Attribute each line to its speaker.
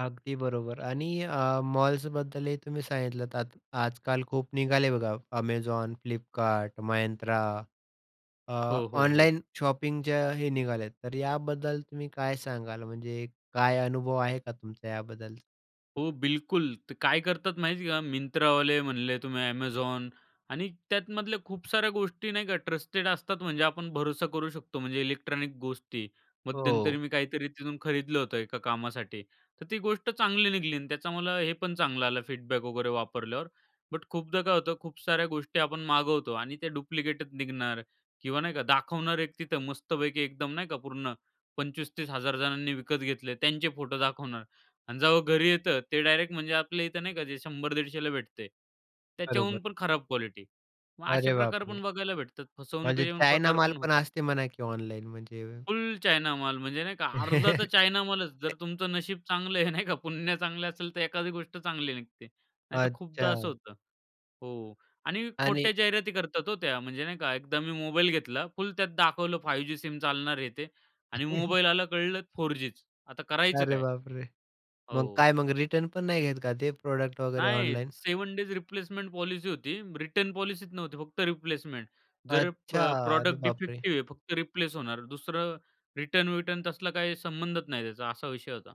Speaker 1: अगदी बरोबर आणि अ, मॉल्सबद्दलही तुम्ही सांगितलंत आत आजकाल खूप निघाले बघा Amazon, Flipkart, Myntra अ,
Speaker 2: हो, हो, हो.
Speaker 1: ऑनलाईन शॉपिंगचं हे निघाल्यात. तर याबद्दल तुम्ही काय सांगाल म्हणजे काय अनुभव आहे का तुमचा याबद्दलचा?
Speaker 2: हो बिलकुल. ते काय करतात माहिती आहे का Myntraवाले म्हणले तुम्ही Amazon आणि त्यातमधल्या खूप साऱ्या गोष्टी नाही का ट्रस्टेड असतात. म्हणजे आपण भरोसा करू शकतो म्हणजे इलेक्ट्रॉनिक गोष्टी. मध्यंतरी
Speaker 1: हो.
Speaker 2: मी काहीतरी तिथून खरीदलं होतं एका कामासाठी, तर ती गोष्ट चांगली निघाली आणि त्याचा मला हे पण चांगलं आलं फीडबॅक वगैरे वापरल्यावर, बट खूपदा काय होतं खूप साऱ्या गोष्टी आपण मागवतो आणि ते डुप्लिकेटच निघणार किंवा नाही का दाखवणार एक तिथं मस्तपैकी एकदम नाही का पूर्ण ₹25-30,000 जणांनी विकत घेतले. त्यांचे फोटो दाखवणार आणि जेव्हा घरी येतं ते डायरेक्ट म्हणजे आपल्या इथं नाही का जे 100-150 ला भेटतयं त्याच्याहून
Speaker 1: बरोबर.
Speaker 2: पण खराब क्वालिटी. मग असे
Speaker 1: अरे बापरे!
Speaker 2: प्रकारपण बघायला भेटतात
Speaker 1: म्हणजे
Speaker 2: फसवणुकीचे पण
Speaker 1: चायना माल
Speaker 2: प्रकारपण
Speaker 1: पण
Speaker 2: होतात.
Speaker 1: असते म्हणा की ऑनलाईन म्हणजे.
Speaker 2: फुल चायना माल म्हणजे नाही का, अर्धा तर चायना मालच जर तुमचं नशीब चांगलं आहे नाही का पुण्य चांगलं असेल, तर एखादी गोष्ट चांगली निघते. नाहीतर खूपदा असं
Speaker 1: अच्छा.
Speaker 2: होतं. हो आणि
Speaker 1: आणि
Speaker 2: खोट्या जाहिराती करतात हो त्या, म्हणजे नाही का एकदा मी मोबाईल घेतला. फुल त्यात दाखवलं 5G सिम चालणार हे ते आणि मोबाईल आला कळलं 4G च आता करायचं
Speaker 1: अरे
Speaker 2: काय?
Speaker 1: बापरे! मग
Speaker 2: हो.
Speaker 1: काय मग रिटर्न पण नाही घेत का ते प्रॉडक्ट वगैरे
Speaker 2: नाही
Speaker 1: ऑनलाईन?
Speaker 2: 7 डेज रिप्लेसमेंट पॉलिसी होती. रिटर्न पॉलिसीच नव्हती फक्त रिप्लेसमेंट. जर प
Speaker 1: अच्छा, अरे
Speaker 2: प्रॉडक्ट
Speaker 1: बापरे!
Speaker 2: डिफेक्टिव्ह आहे. फक्त रिप्लेस होणार दुसरं रिटर्न-विटर्न तसला काही संबंधच नाही त्याचा, असा विषय होता.